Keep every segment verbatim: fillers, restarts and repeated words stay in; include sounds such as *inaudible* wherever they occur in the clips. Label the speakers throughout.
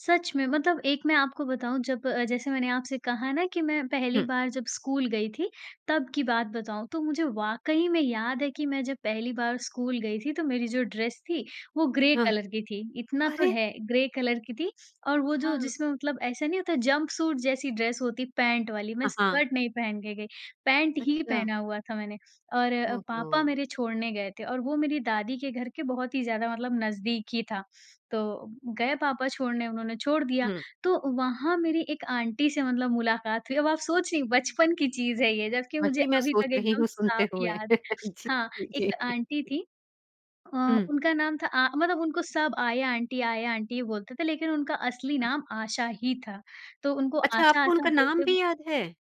Speaker 1: सच में मतलब एक मैं आपको बताऊँ जब अ, जैसे मैंने आपसे कहा ना कि मैं पहली
Speaker 2: हुँ।
Speaker 1: बार जब स्कूल गई थी तब की बात बताऊँ, तो मुझे वाक़ई में याद है कि मैं जब पहली बार स्कूल गई थी तो मेरी जो ड्रेस थी वो ग्रे
Speaker 2: हाँ।
Speaker 1: कलर की थी। इतना तो
Speaker 2: अरे!
Speaker 1: है ग्रे कलर की थी और वो जो
Speaker 2: हाँ।
Speaker 1: जिसमें मतलब ऐसा नहीं होता जंपसूट जैसी ड्रेस होती है, पैंट वाली मैं
Speaker 2: हाँ, हाँ।
Speaker 1: स्कर्ट नहीं पहन के गई, पैंट ही
Speaker 2: अच्छा।
Speaker 1: पहना हुआ था मैंने। और अ, पापा
Speaker 2: ओहो!
Speaker 1: मेरे छोड़ने गए थे और वो मेरी दादी के घर के बहुत ही ज़्यादा मतलब नज़दीक ही था तो गए पापा छोड़ने उन्होंने छोड़ दिया।
Speaker 2: हुँ।
Speaker 1: तो वहाँ मेरी एक आंटी से मतलब मुलाकात हुई, अब आप सोच रही हैं बचपन की चीज़ है ये जबकि मुझे
Speaker 2: वही मैं
Speaker 1: अभी
Speaker 2: सोच
Speaker 1: तक
Speaker 2: रही
Speaker 1: एकदम
Speaker 2: हूँ,
Speaker 1: साफ
Speaker 2: सुनते हुए।
Speaker 1: याद
Speaker 2: *chuckles* जी,
Speaker 1: हाँ,
Speaker 2: जी।
Speaker 1: एक आंटी
Speaker 2: *chuckles*
Speaker 1: थी अ,
Speaker 2: हुँ।
Speaker 1: उनका नाम था आ मतलब उनको सब आया आंटी आया आंटी ही बोलते थे, लेकिन उनका असली नाम आशा ही था, तो उनको
Speaker 2: अच्छा,
Speaker 1: आशा,
Speaker 2: आपको
Speaker 1: आशा
Speaker 2: उनका नाम
Speaker 1: बोलते ब
Speaker 2: भी याद है?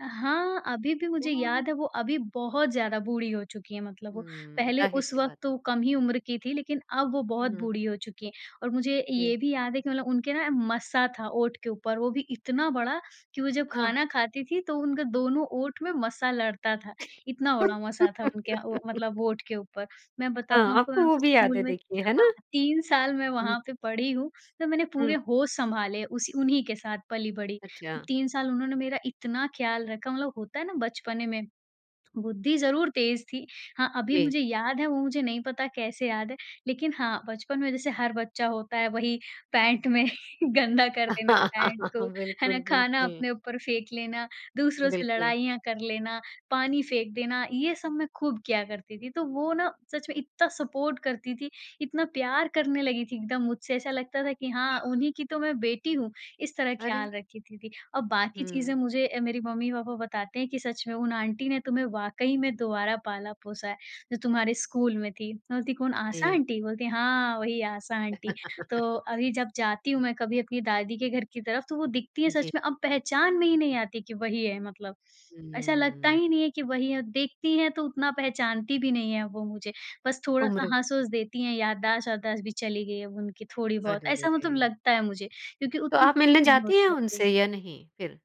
Speaker 1: अ, हाँ, अभी भी मुझे याद
Speaker 2: ओह!
Speaker 1: है वो अभी बहुत ज़्यादा बूढ़ी हो चुकी हैं मतलब वो
Speaker 2: हुँ,
Speaker 1: पहले उस
Speaker 2: जाहिर-सी
Speaker 1: वक़्त
Speaker 2: बात
Speaker 1: तो
Speaker 2: है।
Speaker 1: वो कम ही उम्र की थीं लेकिन अब वो बहुत
Speaker 2: हुँ।
Speaker 1: बूढ़ी हो चुकी हैं और मुझे ये
Speaker 2: जी।
Speaker 1: भी याद है कि मतलब उनके ना मस्सा था ओंठ के ऊपर, वो भी इतना बड़ा कि वो जब
Speaker 2: हाँ।
Speaker 1: खाना खाती थीं तो उनके दोनों ओंठ में मस्सा लड़ता था इतना बड़ा मस्सा था उनके अ, व मतलब
Speaker 2: *laughs*
Speaker 1: ओंठ के ऊपर। मैं बताऊँ
Speaker 2: हाँ,
Speaker 1: आपको
Speaker 2: आपको
Speaker 1: मैं
Speaker 2: वो
Speaker 1: उस
Speaker 2: भी याद है
Speaker 1: स्कूल में
Speaker 2: देखिए है
Speaker 1: हाँ,
Speaker 2: ना?
Speaker 1: तीन साल मैं
Speaker 2: हुँ।
Speaker 1: वहाँ पे पढ़ी हूँ, तो मैंने पूरे
Speaker 2: हुँ।
Speaker 1: होश सँभाले उसी उन्हीं के साथ पली बड़ी।
Speaker 2: अच्छा।
Speaker 1: तीन साल उन्होंने मेरा इतना ख़याल रखा मतलब होता है ना बचपने में बुद्धि ज़रूर तेज़ थी। हाँ, अभी
Speaker 2: जी।
Speaker 1: मुझे याद है वो मुझे नहीं पता कैसे याद है लेकिन हाँ, बचपन में जैसे हर बच्चा होता है वही पैंट में गंदा कर देना पैंट को,
Speaker 2: *laughs*
Speaker 1: है ना?
Speaker 2: बिल्कुल,
Speaker 1: खाना
Speaker 2: बिल्कुल।
Speaker 1: अपने ऊपर फेंक लेना, दूसरों से
Speaker 2: बिल्कुल।
Speaker 1: लड़ाइयाँ कर लेना, पानी फेंक देना, ये सब मैं खूब किया करती थी। तो वो ना सच मे इतना सपोर्ट करती थीं, इतना प्यार करने लगी थीं एकदम मुझसे ऐसा लगता था कि हाँ, उन्हीं की तो मैं बेटी हूँ इस तरह
Speaker 2: अरे!
Speaker 1: ख़याल रखी थीं थीं और बाकी चीज़ें
Speaker 2: हुँ।
Speaker 1: मुझे अ, मेरी मम्मी-पापा बताते हैं कि सच में उन आंटी ने तुम्हें वाक़ई में दोबारा पाला-पोसा है। जो तुम्हारे स्कूल में थीं, मैं बोलती कौन? आशा
Speaker 2: जी।
Speaker 1: आंटी बोलती है हाँ, वही आशा आंटी। तो
Speaker 2: *laughs*
Speaker 1: अभी जब जाती हूँ मैं कभी अपनी दादी के घर की तरफ तो वो दिखती हैं
Speaker 2: जी।
Speaker 1: सच में अब पहचान में ही नहीं आती हैं कि वही है मतलब, ऐसा लगता
Speaker 2: हुँ।
Speaker 1: ही नहीं है कि वही हैं। देखती है तो उतना पहचानती भी नहीं हैं वो मुझे, बस थोड़ा-सा
Speaker 2: उम्र।
Speaker 1: हँस-वस देती हैं, याददाश्त-वाददाश्त भी चली गई है अब उनकी थोड़ी-बहुत,
Speaker 2: अरे, रे
Speaker 1: ऐसा मतलब
Speaker 2: रे!
Speaker 1: लगता है मुझे क्योंकि
Speaker 2: तो
Speaker 1: उतनी
Speaker 2: आप
Speaker 1: खुश
Speaker 2: मिलने
Speaker 1: नहीं
Speaker 2: जाती हैं
Speaker 1: होती हैं अभी।
Speaker 2: उनसे या नहीं फिर?